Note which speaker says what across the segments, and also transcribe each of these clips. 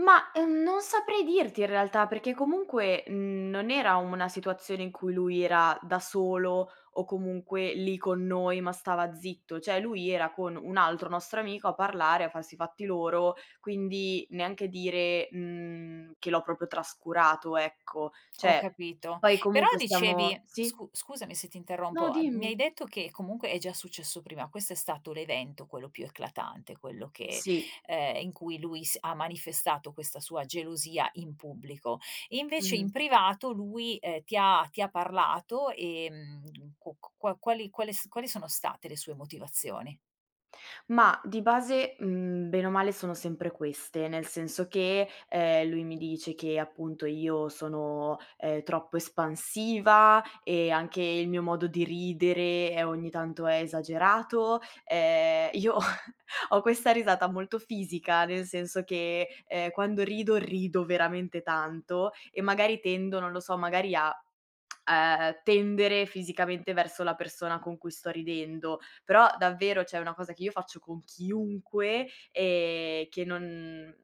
Speaker 1: Ma, ehm, non saprei dirti in realtà, perché comunque, n non era una situazione in cui lui era da solo o comunque lì con noi, ma stava zitto. Cioè, lui era con un altro nostro amico a parlare, a farsi i fatti loro, quindi neanche dire, mhmm, che l'ho proprio trascurato, ecco.
Speaker 2: Ho
Speaker 1: Cioè,
Speaker 2: capito,
Speaker 1: poi
Speaker 2: però
Speaker 1: comunque
Speaker 2: dicevi,
Speaker 1: stiamo sì?
Speaker 2: scu scusami se ti
Speaker 1: No,
Speaker 2: interrompo, a mi hai
Speaker 1: dimmi.
Speaker 2: detto che comunque è già successo prima, questo è stato l'evento quello più eclatante, quello che
Speaker 1: Sì.
Speaker 2: ehm, in cui lui s ha manifestato questa sua gelosia in pubblico. Invece in
Speaker 1: Mh-mh.
Speaker 2: privato lui ehm, ti ha ti ha parlato ehm, qu q qua quali quali s quali sono state le sue motivazioni?
Speaker 1: Ma di base, mhmm, bene o male sono sempre queste, nel senso che, ehm, lui mi dice che appunto io sono, ehm, troppo espansiva e anche il mio modo di ridere è ogni tanto è esagerato. Ehm, io ho questa risata molto fisica, nel senso che ehm, quando rido, rido veramente tanto e magari tendo, non lo so, magari a, ehm, tendere fisicamente verso la persona con cui sto ridendo. Però davvero cioè una cosa che io faccio con chiunque e che non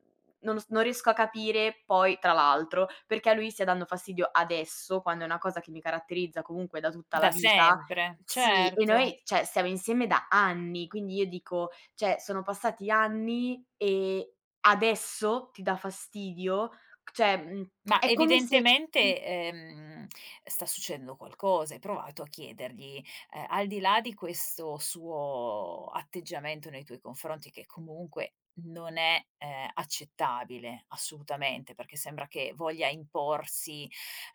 Speaker 1: non s non riesco a capire poi, tra l'altro, perché a lui stia dando fastidio adesso quando è una cosa che mi caratterizza comunque da tutta
Speaker 2: Da
Speaker 1: la vita,
Speaker 2: sempre,
Speaker 1: sì, e
Speaker 2: certo.
Speaker 1: noi, cioè stiamo insieme da anni. Quindi io dico: "Cioè, sono passati anni e adesso, ti dà fastidio." Cioè, mhmm,
Speaker 2: Ma
Speaker 1: è come se mh
Speaker 2: evidentemente, ehm, sta succedendo qualcosa, hai provato a chiedergli? Ehm, al di là di questo suo atteggiamento nei tuoi confronti che comunque non è ehm accettabile, assolutamente, perché sembra che voglia imporsi,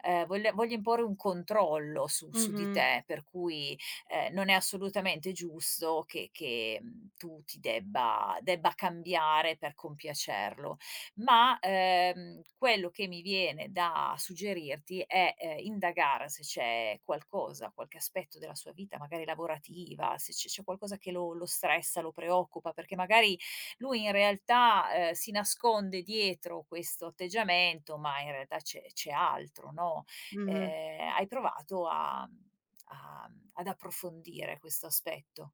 Speaker 2: ehm, voglia voglia imporre un controllo su su di
Speaker 1: Mh-mh.
Speaker 2: te, per cui ehm, non è assolutamente giusto che che tu ti debba debba cambiare per compiacerlo. Ma ehm quello che mi viene da suggerirti è ehm, indagare se c'è qualcosa, qualche aspetto della sua vita, magari lavorativa, se c c'è qualcosa che lo lo stressa, lo preoccupa, perché magari lui in realtà ehm, si nasconde dietro questo atteggiamento, ma in realtà c'è c'è altro, no.
Speaker 1: Mh-mh.
Speaker 2: Eh, hai provato a a mhmm, ad approfondire questo aspetto?